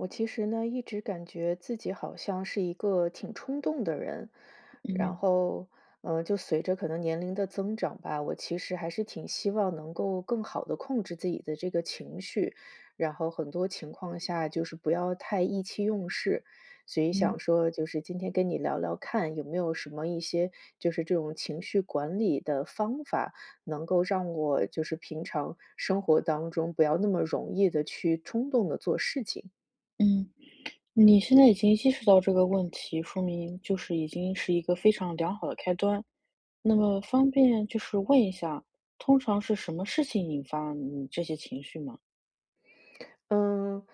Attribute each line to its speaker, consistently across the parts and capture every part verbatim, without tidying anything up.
Speaker 1: 我其实呢，一直感觉自己好像是一个挺冲动的人。然
Speaker 2: 嗯。
Speaker 1: 后，呃，就随着可能年龄的增长吧，我其实还是挺希望能够更好地控制自己的这个情绪，然后很多情况下就是不要太意气用事，所以
Speaker 2: 嗯。
Speaker 1: 想说，就是今天跟你聊聊看有没有什么一些就是这种情绪管理的方法，能够让我就是平常生活当中不要那么容易地去冲动地做事情。
Speaker 2: 嗯，你现在已经意识到这个问题，说明就是已经是一个非常良好的开端。那么方便就是问一下，通常是什么事情引发你这些情绪吗？
Speaker 1: 嗯，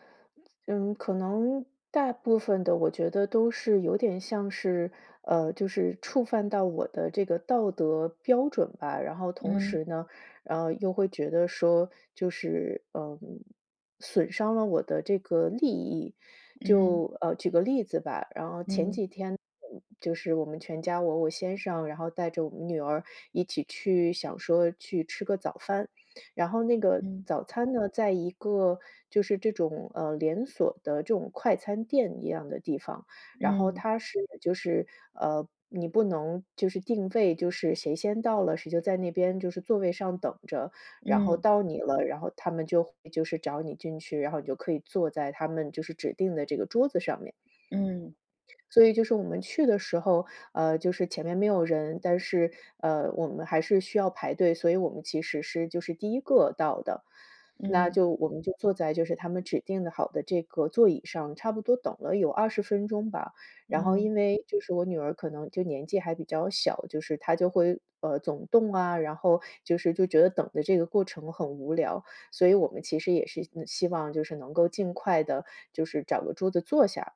Speaker 1: 嗯，可能大部分的我觉得都是有点像是呃，就是触犯到我的这个道德标准吧。然后同
Speaker 2: 嗯。
Speaker 1: 时呢然后又会觉得说，就是，呃，损伤了我的这个利益。
Speaker 2: 嗯。
Speaker 1: 就呃，举个例子吧，然后前
Speaker 2: 嗯。
Speaker 1: 几天，嗯，就是我们全家，我、我先生，然后带着我们女儿一起去想说去吃个早饭。然后那个
Speaker 2: 嗯。
Speaker 1: 早餐呢，在一个就是这种，呃，连锁的这种快餐店一样的地方，然后
Speaker 2: 嗯。
Speaker 1: 它是呢就是，呃，你不能就是订位，就是谁先到了，谁就在那边就是座位上等着，然后
Speaker 2: 嗯。
Speaker 1: 到你了，然后他们就会就是找你进去，然后你就可以坐在他们就是指定的这个桌子上面。
Speaker 2: 嗯
Speaker 1: 所以就是我们去的时候，呃，就是前面没有人，但是，呃，我们还是需要排队，所以我们其实是就是第一个到的。那
Speaker 2: 嗯。
Speaker 1: 就我们就坐在就是他们指定好的这个座椅上，差不多等了有二十分钟吧，然后
Speaker 2: 嗯。
Speaker 1: 因为就是我女儿可能就年纪还比较小，就是她就会呃，总动啊，然后就是就觉得等的这个过程很无聊，所以我们其实也是，嗯，希望就是能够尽快地就是找个桌子坐下。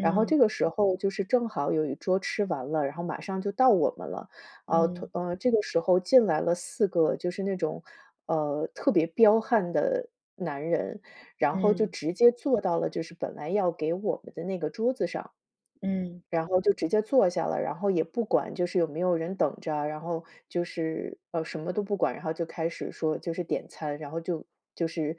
Speaker 1: 然后这个时候就是正好有一桌吃完了，然后马上就到我们了，啊，
Speaker 2: 嗯。
Speaker 1: 呃，这个时候进来了四个就是那种，呃，特别彪悍的男人，然后就
Speaker 2: 嗯。
Speaker 1: 直接坐到了就是本来要给我们的那个桌子上。
Speaker 2: 嗯。
Speaker 1: 然后就直接坐下了，然后也不管就是有没有人等着，然后就是呃，什么都不管，然后就开始说就是点餐，然后就就是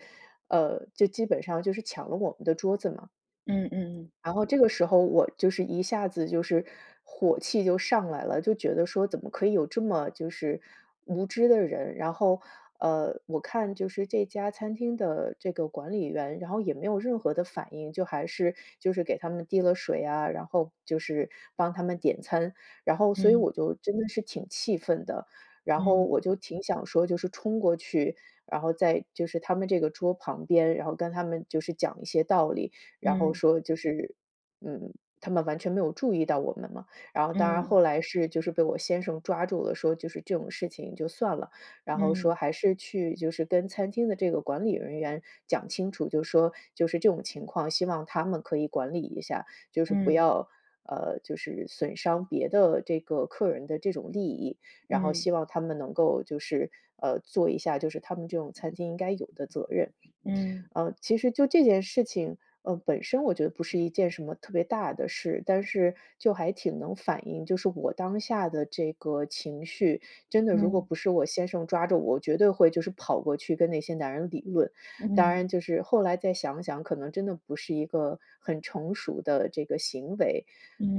Speaker 1: 呃，就基本上就是抢了我们的桌子嘛。
Speaker 2: 嗯嗯嗯。
Speaker 1: 然后这个时候我就是一下子就是火气就上来了，就觉得说怎么可以有这么就是无知的人。然后，呃，我看就是这家餐厅的这个管理员，然后也没有任何的反应，就还是就是给他们递了水啊，然后就是帮他们点餐，然后所以
Speaker 2: 嗯。
Speaker 1: 我就真的是挺气愤的，然后
Speaker 2: 嗯。
Speaker 1: 我就挺想说就是冲过去，然后在就是他们这个桌旁边，然后跟他们就是讲一些道理。然后
Speaker 2: 嗯。
Speaker 1: 说就是嗯，他们完全没有注意到我们嘛。然后当然
Speaker 2: 嗯。
Speaker 1: 后来是就是被我先生抓住了，说就是这种事情就算了，然后
Speaker 2: 嗯。
Speaker 1: 说还是去就是跟餐厅的这个管理人员讲清楚，就说就是这种情况，希望他们可以管理一下，就是不
Speaker 2: 嗯。
Speaker 1: 要，呃，就是损伤别的这个客人的这种利益，然后
Speaker 2: 嗯。
Speaker 1: 希望他们能够就是，呃，做一下就是他们这种餐厅应该有的责任。
Speaker 2: 嗯。
Speaker 1: 呃，其实就这件事情，呃，本身我觉得不是一件什么特别大的事，但是就还挺能反映，就是我当下的这个情绪，真的，如果
Speaker 2: 嗯。
Speaker 1: 不是我先生抓着我，我绝对会就是跑过去跟那些男人理论。当
Speaker 2: 嗯。
Speaker 1: 然就是后来再想想，可能真的不是一个很成熟的这个行为。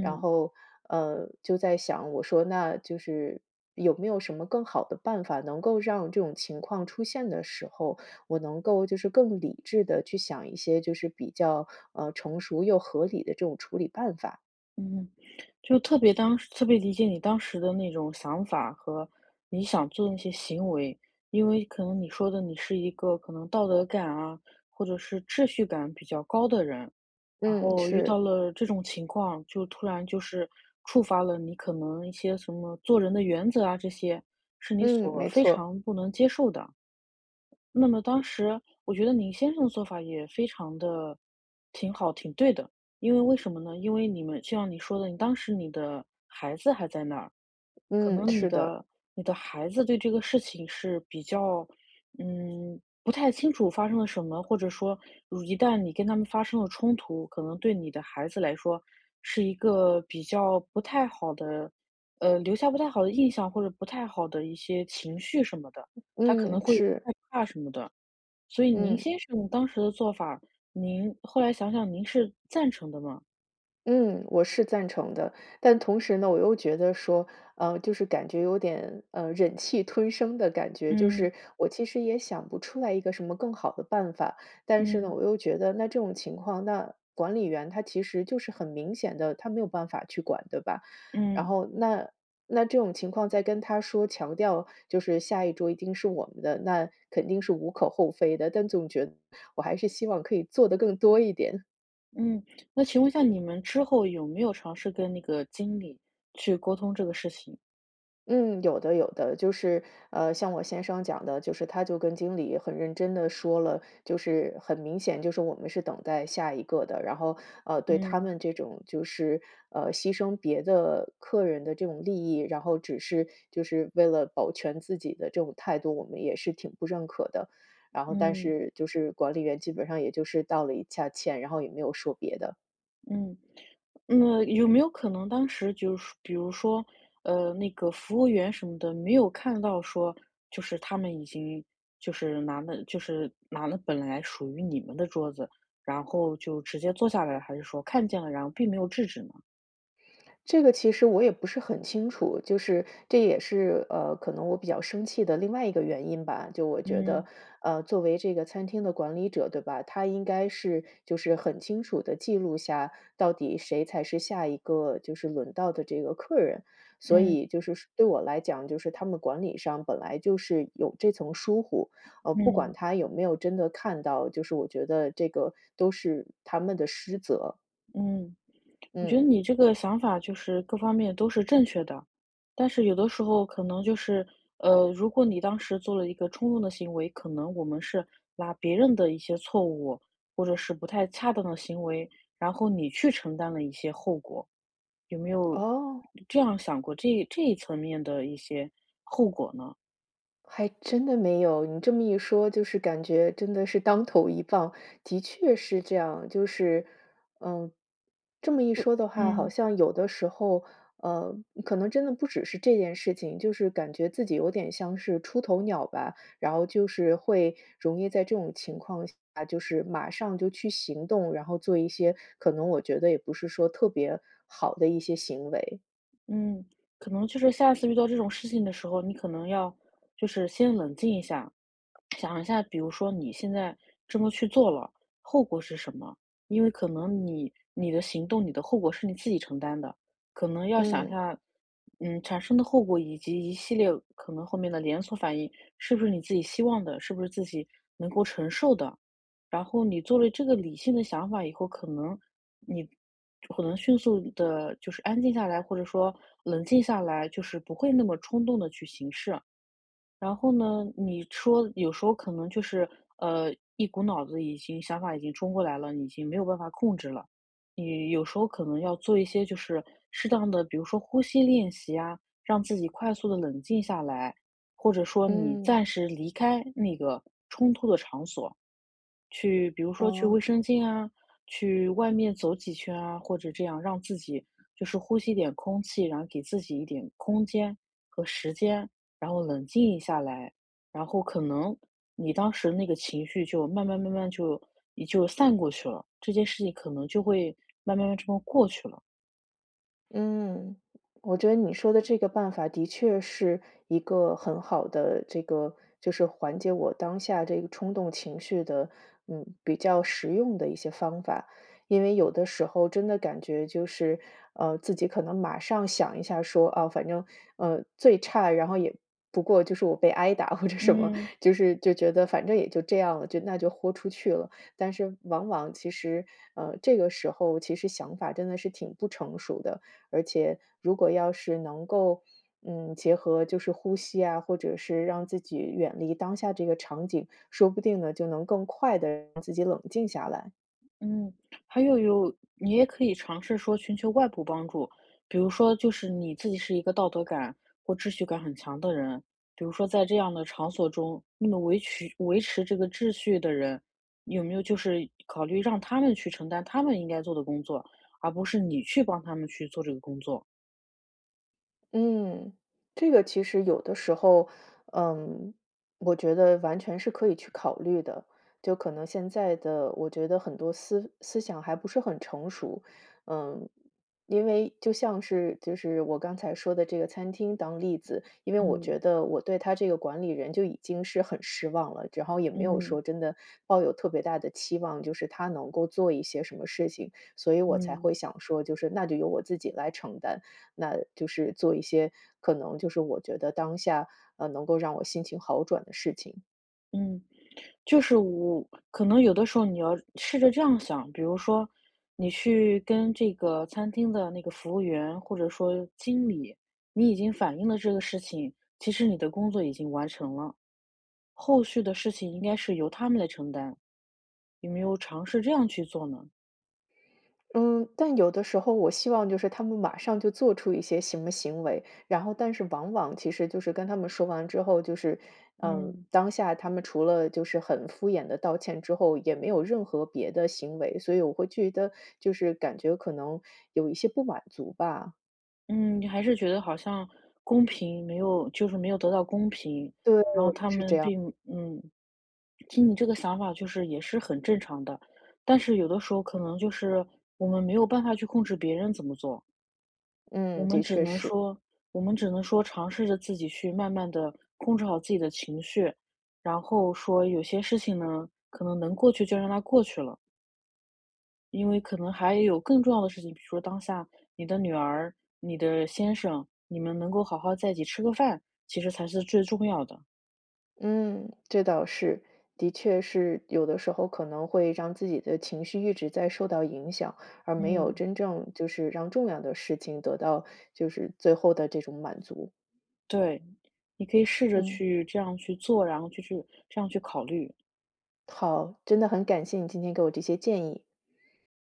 Speaker 1: 然后，呃，就在想，我说那就是有没有什么更好的办法，能够让这种情况出现的时候，我能够就是更理智地去想一些就是比较，呃，成熟又合理的这种处理办法。
Speaker 2: 嗯，就特别当时特别理解你当时的那种想法和你想做那些行为。因为可能你说的你是一个可能道德感啊，或者是秩序感比较高的人，然
Speaker 1: 嗯，
Speaker 2: 后遇
Speaker 1: 是。
Speaker 2: 到了这种情况，就突然就是触发了你可能一些什么做人的原则啊，这些是你
Speaker 1: 嗯，
Speaker 2: 所
Speaker 1: 没
Speaker 2: 非
Speaker 1: 错。
Speaker 2: 常不能接受的。那么当时我觉得你先生的做法也非常的挺好挺对的。因为为什么呢因为你们像你说的，你当时你的孩子还在那儿。可
Speaker 1: 嗯，
Speaker 2: 能你
Speaker 1: 是的。
Speaker 2: 的你的孩子对这个事情是比较嗯，不太清楚发生了什么，或者说一旦你跟他们发生了冲突，可能对你的孩子来说是一个比较不太好的呃，留下不太好的印象，或者不太好的一些情绪什么的，他可能
Speaker 1: 嗯，
Speaker 2: 会
Speaker 1: 是。
Speaker 2: 害怕什么的。所以您
Speaker 1: 嗯。
Speaker 2: 先生当时的做法，您后来想想您是赞成的吗？
Speaker 1: 嗯，我是赞成的。但同时呢，我又觉得说，啊，就是感觉有点，呃，忍气吞声的感觉。就
Speaker 2: 嗯。
Speaker 1: 是，我其实也想不出来一个什么更好的办法，但是呢，
Speaker 2: 嗯。
Speaker 1: 我又觉得那这种情况那管理员他其实就是很明显的，他没有办法去管对吧？然
Speaker 2: 嗯。
Speaker 1: 后那那这种情况再跟他说，强调就是下一桌一定是我们的，那肯定是无可厚非的。但总觉得，我还是希望可以做得更多一点。
Speaker 2: 嗯，那请问一下你们之后有没有尝试跟那个经理去沟通这个事情？
Speaker 1: 嗯，有的，有的，就是，呃，像我先生讲的，就是他就跟经理很认真地说了，就是很明显，就是我们是等待下一个的。然后，呃，对他
Speaker 2: 嗯。
Speaker 1: 们这种就是，呃，牺牲别的客人的这种利益，然后只是就是为了保全自己的这种态度，我们也是挺不认可的。然后但
Speaker 2: 嗯。
Speaker 1: 是就是管理员基本上也就是道了一下歉，然后也没有说别的。
Speaker 2: 嗯，嗯，有没有可能当时就是说比如说，呃，那个服务员什么的，没有看到说就是他们已经就是拿了就是拿了本来属于你们的桌子，然后就直接坐下来，还是说看见了，然而并没有制止呢？
Speaker 1: 这个其实我也不是很清楚，就是这也是，呃，可能我比较生气的另外一个原因吧。就我觉得，
Speaker 2: 嗯。
Speaker 1: 呃，作为这个餐厅的管理者，对吧？他应该是就是很清楚地记录下，到底谁才是下一个就是轮到的这个客人。所
Speaker 2: 嗯。
Speaker 1: 以就是说对我来讲，就是他们管理上本来就是有这层疏忽。呃，不管
Speaker 2: 嗯。
Speaker 1: 他有没有真的看到，就是我觉得这个都是他们的失责。
Speaker 2: 嗯，我觉得
Speaker 1: 嗯。
Speaker 2: 你这个想法就是各方面都是正确的。但是有的时候可能就是呃，如果你当时做了一个冲动的行为，可能我们是拿别人的一些错误，或者是不太恰当的行为，然后你去承担了一些后果。有没有
Speaker 1: 哦。
Speaker 2: 这样想过，这一这一层面的一些后果呢？
Speaker 1: 还真的没有，你这么一说就是感觉真的是当头一棒，的确是这样。就是，嗯，这么一
Speaker 2: 对，
Speaker 1: 说的话，好
Speaker 2: 嗯。
Speaker 1: 像有的时候，呃，可能真的不只是这件事情，就是感觉自己有点像是出头鸟吧，然后就是会容易在这种情况下，就是马上就去行动，然后做一些可能我觉得也不是说特别好的一些行为。
Speaker 2: 嗯，可能就是下次遇到这种事情的时候，你可能要就是先冷静一下，想一下比如说你现在这么去做了，后果是什么？因为可能你你的行动、你的后果是你自己承担的，可能要想一
Speaker 1: 嗯。
Speaker 2: 下，嗯，产生的后果以及一系列可能后面的连锁反应，是不是你自己希望的？是不是自己能够承受的？然后你做了这个理性的想法以后，可能你可能迅速地就是安静下来，或者说冷静下来，就是不会那么冲动地去行事。然后呢，你说有时候可能就是，呃，一股脑子已经想法已经冲过来了，已经没有办法控制了。你有时候可能要做一些就是适当的，比如说呼吸练习呀，让自己快速地冷静下来，或者说你
Speaker 1: 嗯。
Speaker 2: 暂时离开那个冲突的场所，去比如说去卫
Speaker 1: 哦。
Speaker 2: 生间啊，去外面走几圈啊，或者这样让自己就是呼吸点空气，然后给自己一点空间和时间。然后冷静下来，然后可能你当时那个情绪就慢慢慢慢就就是散过去了，这件事情可能就会慢慢慢慢这么过去了。
Speaker 1: 嗯，我觉得你说的这个办法的确是一个很好的这个，就是缓解我当下这个冲动情绪的，嗯，比较实用的一些方法。因为有的时候真的感觉就是，呃，自己可能马上想一下说，啊，反正，呃，最差然后也，不过就是我被挨打，或者什么。
Speaker 2: 嗯。
Speaker 1: 就是就觉得反正也就这样了，就那就豁出去了。但是往往其实，呃，这个时候其实想法真的是挺不成熟的，而且如果要是能够，嗯，结合就是呼吸啊，或者是让自己远离当下这个场景，说不定呢，就能更快地让自己冷静下来。
Speaker 2: 嗯，还有有你也可以尝试说寻求外部帮助。比如说就是你自己是一个道德感，或秩序感很强的人，比如说在这样的场所中，那么维持维持这个秩序的人，有没有就是考虑让他们去承担他们应该做的工作，而不是你去帮他们去做这个工作。
Speaker 1: 嗯，这个其实有的时候，嗯，我觉得完全是可以去考虑的，就可能现在的我觉得很多思思想还不是很成熟。嗯，因为就像是就是我刚才说的这个餐厅当例子，因为我
Speaker 2: 嗯。
Speaker 1: 觉得我对他这个管理人就已经是很失望了，然后也没有
Speaker 2: 嗯。
Speaker 1: 说真的抱有特别大的期望就是他能够做一些什么事情，所以我才
Speaker 2: 嗯。
Speaker 1: 会想说就是那就由我自己来承担。那就是做一些可能就是我觉得当下，呃，能够让我心情好转的事情。
Speaker 2: 嗯，就是我可能有的时候你要试着这样想，比如说你去跟这个餐厅的那个服务员或者说经理，你已经反映了这个事情，其实你的工作已经完成了，后续的事情应该是由他们来承担。有没有尝试这样去做呢？
Speaker 1: 嗯，但有的时候我希望就是他们马上就做出一些什么行为，然后但是往往其实就是跟他们说完之后，就是，嗯，
Speaker 2: 嗯。
Speaker 1: 当下他们除了就是很敷衍的道歉之后，也没有任何别的行为，所以我会觉得就是感觉可能有一些不满足吧。
Speaker 2: 嗯，你还是觉得好像公平没有就是没有得到公平，
Speaker 1: 对，
Speaker 2: 然后他
Speaker 1: 是
Speaker 2: 们
Speaker 1: 这样。
Speaker 2: 并嗯。听你这个想法就是也是很正常的，但是有的时候可能就是我们没有办法去控制别人怎么做。我
Speaker 1: 嗯，
Speaker 2: 们
Speaker 1: 的
Speaker 2: 只
Speaker 1: 确
Speaker 2: 能
Speaker 1: 是。
Speaker 2: 说我们只能说尝试着自己去慢慢地控制好自己的情绪，然后说有些事情呢，可能能过去就让它过去了。因为可能还有更重要的事情，比如说当下你的女儿、你的先生，你们能够好好在一起吃个饭，其实才是最重要的。
Speaker 1: 嗯，这倒是。的确是有的时候可能会让自己的情绪一直在受到影响，而没有
Speaker 2: 嗯。
Speaker 1: 真正就是让重要的事情得到就是最后的这种满足。
Speaker 2: 对，你可以试着
Speaker 1: 嗯。
Speaker 2: 去这样去做，然后就去这样去考虑。
Speaker 1: 好，真的很感谢你今天给我这些建议。